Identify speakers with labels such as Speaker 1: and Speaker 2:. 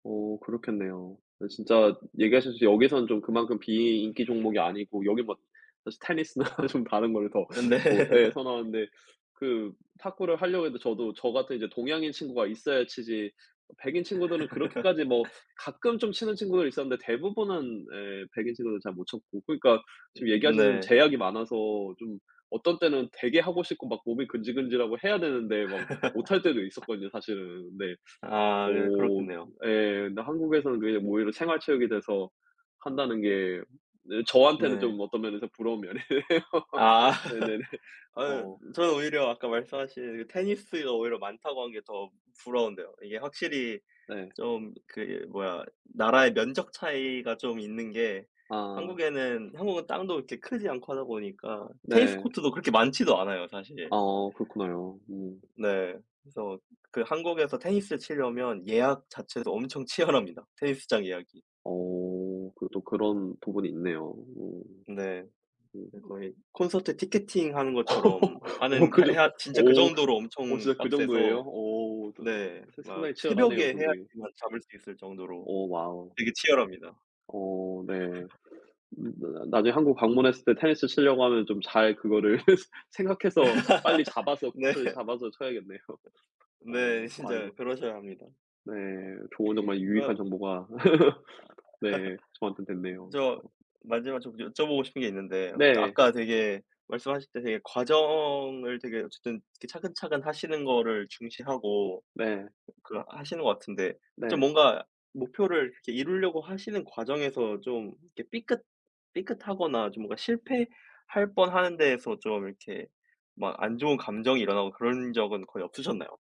Speaker 1: 오 그렇겠네요. 아 진짜 얘기하셨듯이 여기선 좀 그만큼 비인기 종목이 아니고 여긴 뭐 사실 테니스나 좀 다른 걸로 더
Speaker 2: 음 네.
Speaker 1: 어 예 선호하는데 그 탁구를 하려고 해도 저도 저 같은 이제 동양인 친구가 있어야 치지 백인 친구들은 그렇게까지 뭐 가끔 좀 치는 친구들이 있었는데 대부분은 네 백인 친구도 잘 못 쳤고 그러니까 지금
Speaker 2: 음
Speaker 1: 얘기하시는
Speaker 2: 네.
Speaker 1: 제약이 많아서 좀 어떤 때는 되게 하고 싶고 막 몸이 근질근질하고 해야 되는데 막 못 할 때도 있었거든요 사실은. 네
Speaker 2: 아 네
Speaker 1: 뭐
Speaker 2: 그렇겠네요.
Speaker 1: 예 근데 한국에서는 그게 뭐 오히려 생활 체육이 돼서 한다는 게 네 저한테는
Speaker 2: 네.
Speaker 1: 좀 어떤 면에서 부러운 면이에요.
Speaker 2: 아
Speaker 1: 네네네
Speaker 2: 어
Speaker 1: 어.
Speaker 2: 저는 오히려 아까 말씀하신 그 테니스가 오히려 많다고 한 게 더 부러운데요. 이게 확실히
Speaker 1: 네.
Speaker 2: 좀 그 이 뭐야 나라의 면적 차이가 좀 있는 게
Speaker 1: 아.
Speaker 2: 한국에는 한국은 땅도 그렇게 크지 않고 하다 보니까 테니스
Speaker 1: 네.
Speaker 2: 코트도 그렇게 많지도 않아요
Speaker 1: 아
Speaker 2: 사실.
Speaker 1: 그렇구나요 음.
Speaker 2: 네 그래서 그 한국에서 테니스 칠려면 예약 자체도 엄청 치열합니다. 테니스장 예약이.
Speaker 1: 어 그 또 그런 부분이 있네요.
Speaker 2: 네
Speaker 1: 음.
Speaker 2: 그 거의 콘서트 티켓팅 하는 것처럼
Speaker 1: 어
Speaker 2: 하는
Speaker 1: 그
Speaker 2: 하
Speaker 1: 저
Speaker 2: 해야 진짜 그
Speaker 1: 오
Speaker 2: 정도로
Speaker 1: 어
Speaker 2: 엄청
Speaker 1: 진짜 그 정도예요?
Speaker 2: 빡세서
Speaker 1: 오 좀
Speaker 2: 네 막
Speaker 1: 상당히
Speaker 2: 새벽에
Speaker 1: 치열하네요 경쟁이.
Speaker 2: 해야지만 잡을 수 있을 정도로
Speaker 1: 오 와우.
Speaker 2: 되게 치열합니다.
Speaker 1: 어 네 음 나 나중에 한국 방문했을 때 테니스 치려고 하면 좀 잘 그거를 생각해서 빨리 잡아서
Speaker 2: 네.
Speaker 1: 코트를 잡아서 쳐야겠네요.
Speaker 2: 네
Speaker 1: 어
Speaker 2: 진짜
Speaker 1: 아이고.
Speaker 2: 그러셔야 합니다.
Speaker 1: 네 좋은 정말
Speaker 2: 그
Speaker 1: 유익한 정보가 네 저한텐 됐네요.
Speaker 2: 저 마지막 좀 여쭤보고 싶은 게 있는데 저
Speaker 1: 네.
Speaker 2: 아까 되게 말씀하실 때 되게 과정을 되게 어쨌든 이렇게 차근차근하시는 거를 중시하고
Speaker 1: 네
Speaker 2: 그 하시는 것 같은데 좀
Speaker 1: 네.
Speaker 2: 뭔가 목표를 이렇게 이루려고 하시는 과정에서 좀 이렇게 삐끗 삐끗하거나 좀 뭔가 실패할 뻔한 데에서 좀 이렇게 막 안 좋은 감정이 일어나고 그런 적은 거의 없으셨나요?